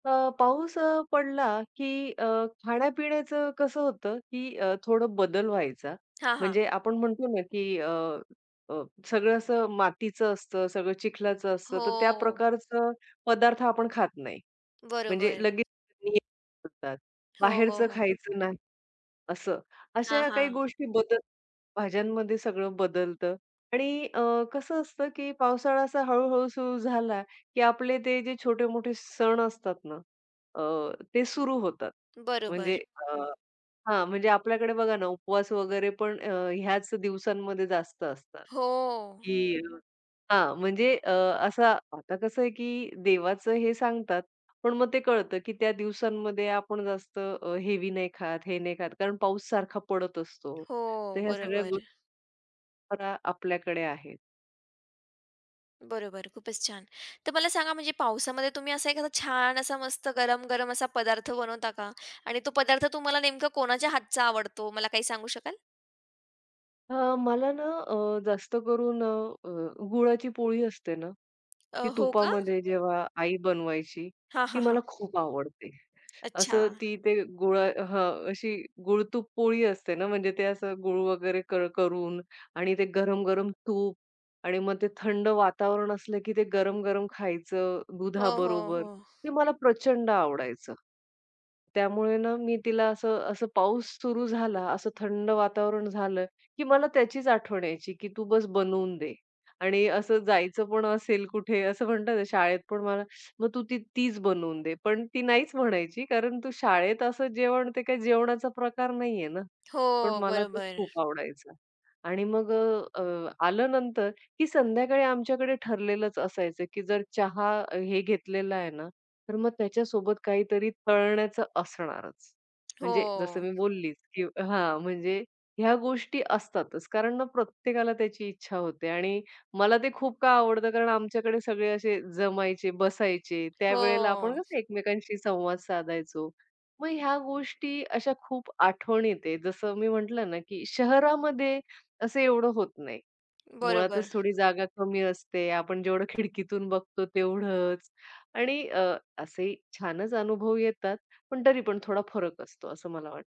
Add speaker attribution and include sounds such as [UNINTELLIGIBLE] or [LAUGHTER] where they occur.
Speaker 1: अ, पाऊस अ, पडला की अ, खाण्यापिण्याचं कसं होतं, की अ, थोडं बदल व्हायचा,
Speaker 2: हां, हां.
Speaker 1: म्हणजे आपण म्हणतो ना, की अ, अ, सगळं असं मातीचं असतं, सगळं चिखलाचं असतं, तर त्या
Speaker 2: हो.
Speaker 1: प्रकारचं पदार्थ आपण खात नाही. म्हणजे
Speaker 2: बरोबर.
Speaker 1: लगेच नाही [UNINTELLIGIBLE]
Speaker 2: हो, हो,
Speaker 1: बाहेरचं
Speaker 2: हो.
Speaker 1: खायचं नाही असं.
Speaker 2: हां,
Speaker 1: अशा काही
Speaker 2: हां.
Speaker 1: गोष्टी बदल भाज्यांमध्ये सगळं बदलतं आणि अ, कसं असतं, की पावसाळा असा हळू-हळू सुरु झाला, की आपले ते जे छोटे-मोठे सण असतात ना अ, ते सुरु होतात. म्हणजे
Speaker 2: बरोबर.
Speaker 1: अ हां, म्हणजे आपल्याकडे बघा ना उपवास वगैरे पण अ, ह्याच दिवसांमध्ये जास्त असतात,
Speaker 2: हो.
Speaker 1: की हां, म्हणजे अ, असं आता कसं आहे की देवाचं हे सांगतात पण मग ते कळतं की त्या दिवसांमध्ये आपण जास्त अ, हेवी नाही खात, हे नाही खात. कारण पाऊस सारखा पडत असतो. तर
Speaker 2: हो.
Speaker 1: ह्या सगळ्या गो
Speaker 2: बरोबर.
Speaker 1: [UNINTELLIGIBLE] आपल्याकडे आहेत.
Speaker 2: बरोबर. खूपच छान. तर मला सांगा म्हणजे पावसामध्ये तुम्ही असा एखादा छान असा मस्त गरम-गरम असा पदार्थ बनवता का आणि तो पदार्थ तुम्हाला नेमकं कोणाच्या हातचा आवडतो मला काही सांगू शकाल?
Speaker 1: अ, मला ना अ, जास्त करून अ, अ, गुळाची पोळी असते ना,
Speaker 2: अ,
Speaker 1: ती
Speaker 2: हो का.
Speaker 1: तुपामध्ये जेव्हा आई बनवायची,
Speaker 2: हां,
Speaker 1: ती
Speaker 2: हां, हां.
Speaker 1: मला खूप आवडते.
Speaker 2: अच्छा.
Speaker 1: असं ती ते गुळ अ, हं, अशी गुळ-तूप पोळी असते ना म्हणजे ते असं गुळ वगैरे क करून आणि ते गरम-गरम तूप आणि मग ते थंड वातावरण असलं, की ते गरम-गरम खायचं
Speaker 2: हो, हो,
Speaker 1: दुधाबरोबर,
Speaker 2: हो.
Speaker 1: ते मला प्रचंड आवडायचं. त्यामुळे ना मी तिला असं असं पाऊस सुरु झाला, असं थंड वातावरण झालं, की मला त्याचीच आठवण यायची की "तू बस बनवून दे" आणि असं जायचं पण असेल कुठे असं म्हणतात शाळेत पण मला मग "तू तीच बनवून दे." पण ती नाहीच म्हणायची कारण तू शाळेत असं जेवण ते काय जेवणाचा प्रकार नाहीये ना. पण
Speaker 2: हो,
Speaker 1: मला तो
Speaker 2: बरोबर.
Speaker 1: खूप आवडायचा आणि मग अ, अ, आलं नंतर की संध्याकाळी आमच्याकडे ठरलेलंच असायचं की जर चहा, अ, हे घेतलेला आहे ना, तर मग त्याच्यासोबत काहीतरी तळण्याचं असणारच. म्हणजे जसं मी
Speaker 2: हो.
Speaker 1: बोललीच, की हां, म्हणजे ह्या गोष्टी असतातच. कारण मग प्रत्येकाला त्याची इच्छा होते आणि मला ते खूप का आवडतं कारण आमच्याकडे सगळे असे जमायचे, बसायचे. त्यावेळेला आपण
Speaker 2: हो.
Speaker 1: कसं एकमेकांशी संवाद साधायचो. मग ह्या गोष्टी अशा खूप आठवणीत आहे. जसं मी म्हटलं ना, की शहरामध्ये असं एवढं होत नाही. मुळातच
Speaker 2: बरोबर.
Speaker 1: थोडी जागा कमी असते, आपण जेवढं खिडकीतून बघतो तेवढंच आणि अ, असे छानच अनुभव येतात. पण तरी पण थोडा फरक असतो, असं मला वाटतं.